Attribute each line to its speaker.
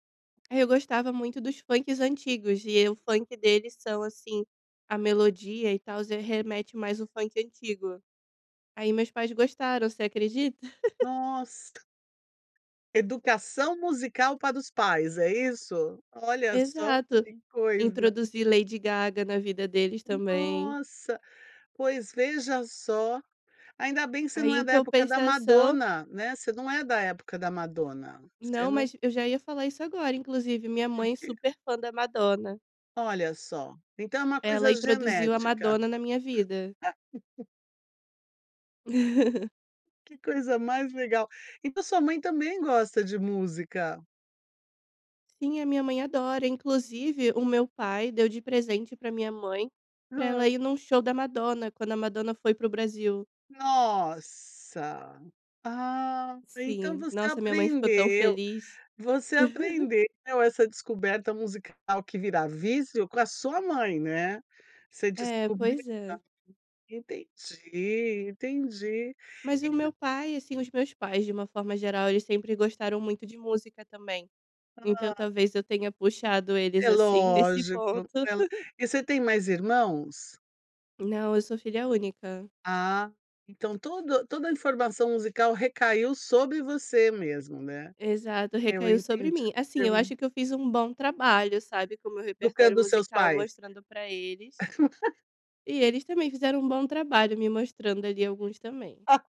Speaker 1: Eu gostava muito dos funk antigos e o funk deles são, assim, a melodia e tal, já remete mais o funk antigo. Aí meus pais gostaram, você acredita?
Speaker 2: Nossa! Educação musical para os pais, é isso? Olha só,
Speaker 1: Exato.
Speaker 2: que coisa.
Speaker 1: Introduzir Lady Gaga na vida deles também.
Speaker 2: Nossa, pois veja só, ainda bem que você não
Speaker 1: Aí
Speaker 2: é
Speaker 1: em
Speaker 2: da época da
Speaker 1: compensação
Speaker 2: Madonna, né, você não é da época da Madonna, você
Speaker 1: Não,
Speaker 2: não
Speaker 1: mas eu já ia falar isso agora, inclusive, minha
Speaker 2: O
Speaker 1: mãe
Speaker 2: quê?
Speaker 1: super é fã da Madonna.
Speaker 2: Olha só. Então é uma
Speaker 1: Ela
Speaker 2: coisa
Speaker 1: introduziu a
Speaker 2: genética.
Speaker 1: Madonna na minha vida.
Speaker 2: Que coisa mais legal. Então sua mãe também gosta de música?
Speaker 1: Sim, a minha mãe adora, inclusive, o meu pai deu de presente pra minha mãe pra
Speaker 2: Hã.
Speaker 1: ela ir em um show da Madonna, quando a Madonna foi para o Brasil.
Speaker 2: Nossa! Ah, então
Speaker 1: Sim.
Speaker 2: você
Speaker 1: Nossa, minha mãe ficou tão
Speaker 2: aprendeu
Speaker 1: feliz.
Speaker 2: você aprendeu essa descoberta musical que vira vício com a sua mãe, né. Você
Speaker 1: É,
Speaker 2: descobriu.
Speaker 1: pois é.
Speaker 2: [unintelligible] Entendi, entendi.
Speaker 1: Mas o
Speaker 2: Ent
Speaker 1: meu pai assim, os meus pais de uma forma geral eles sempre gostaram muito de música, também. Então,
Speaker 2: Ah.
Speaker 1: talvez, eu tenha puxado eles
Speaker 2: É
Speaker 1: assim nesse ponto.
Speaker 2: lógico, ela e você tem mais irmãos?
Speaker 1: Não, eu sou filha única.
Speaker 2: Ah, então todo toda a informação musical recaiu sobre você mesmo, né.
Speaker 1: Exato,
Speaker 2: Eu
Speaker 1: recaiu sobre
Speaker 2: entendi,
Speaker 1: mim. Assim,
Speaker 2: eu
Speaker 1: eu
Speaker 2: en
Speaker 1: acho que eu fiz um bom trabalho, sabe, com o meu
Speaker 2: Educando
Speaker 1: repertório
Speaker 2: os seus
Speaker 1: musical
Speaker 2: pais.
Speaker 1: mostrando pra eles e eles também fizeram um bom trabalho me mostrando ali alguns também.
Speaker 2: A